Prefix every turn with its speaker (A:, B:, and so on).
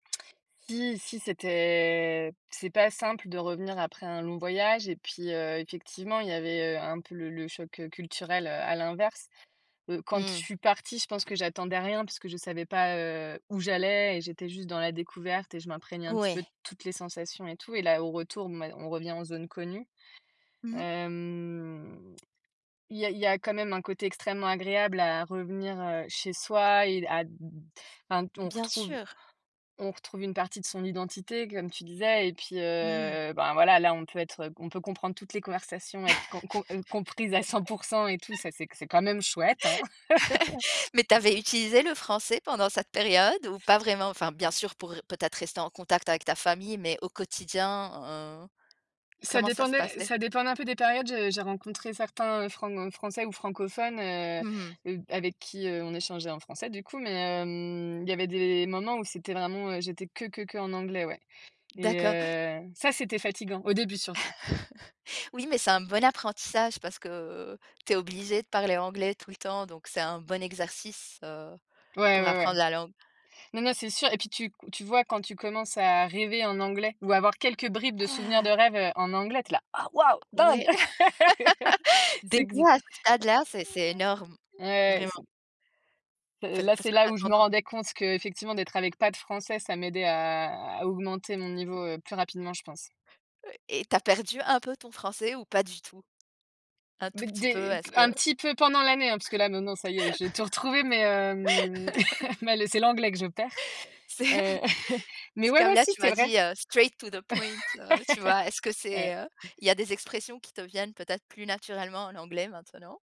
A: Si, si c'était c'est pas simple de revenir après un long voyage. Et puis, heu, effectivement, il y avait, heu, un peu le le choc, heu, culturel. Heu, à l'inverse, heu, quand je
B: Mmh.
A: suis partie, je pense que j'attendais rien puisque je savais pas, heu, où j'allais et j'étais juste dans la découverte et je m'imprégnais un petit peu de
B: Ouais.
A: toutes les sensations et tout. Et là, au retour, mais on revient en zone connue.
B: Mmh mh.
A: Hem, il y a il y a quand même un côté extrêmement agréable à revenir, heu, chez soi et d à d enfin on
B: Bien
A: retrouve
B: sûr.
A: on retrouve une partie de son identité, comme tu disais, et puis,
B: Mmh mh.
A: heu, ben voilà, là, on peut être, heu, on peut comprendre toutes les conversations, être com com heu, comprises à 100 % et tout ça c'est qu c'est quand même chouette, hein.
B: Mais tu avais utilisé le français pendant cette période ou pas vraiment? Enfin, bien sûr, pour peut-être rester en contact avec ta famille, mais au quotidien, heu,
A: Ça
B: comment ça se
A: dépendait
B: passait?
A: ça dépendait un peu des périodes. J j'ai rencontré certains, heu, franc français ou francophones,
B: Mmh mh.
A: heu, avec qui, heu, on échangeait en français du coup, mais, hem, il y avait des moments où c'était vraiment, heu, j'étais que, que, qu'en anglais, ouais. Et
B: D'accord.
A: heu, ça, c'était fatigant au début surtout.
B: Oui, mais c'est un bon apprentissage parce que, heu, tu es obligée de parler anglais tout le temps, donc c'est un bon exercice, heu,
A: Ouais,
B: pour
A: ouais, ouais.
B: apprendre la langue.
A: Non, non, c'est sûr et puis tu tu vois, quand tu commences à rêver en anglais ou avoir quelques bribes de souvenirs de
B: Ah!
A: rêve, heu, en anglais, tu es là: «Ah waouh!
B: Oui.
A: Dingue!»
B: Des
A: C'est que ze
B: fois, à ce stade-là c'est c'est énorme,
A: Ouais,
B: vraiment
A: c'est heu,
B: parce
A: là,
B: parce
A: c'est
B: qu'on
A: là, où je
B: a
A: me
B: tendance
A: rendais compte qu'effectivement d'être avec pas de français, ça m'aidait à à augmenter mon niveau, heu, plus rapidement, je pense.
B: Ouais et tu as perdu un peu ton français ou pas du tout? Un tout
A: Dès
B: petit peu,
A: dès qu
B: est-ce
A: un
B: que
A: petit peu pendant l'année hein, parce que là maintenant ça y est, j'ai tout retrouvé, mais, hem, mais le c'est l'anglais que je perds.
B: C'est
A: Heu, mais
B: c'est
A: ouais,
B: comme
A: ouais,
B: là,
A: si
B: tu
A: c'est
B: m'as
A: vrai.
B: dit, heu: «Straight to the point,» heu, tu vois? Est-ce que
A: Ouais.
B: c'est, heu, il y a des expressions qui te viennent peut-être plus naturellement en anglais, maintenant?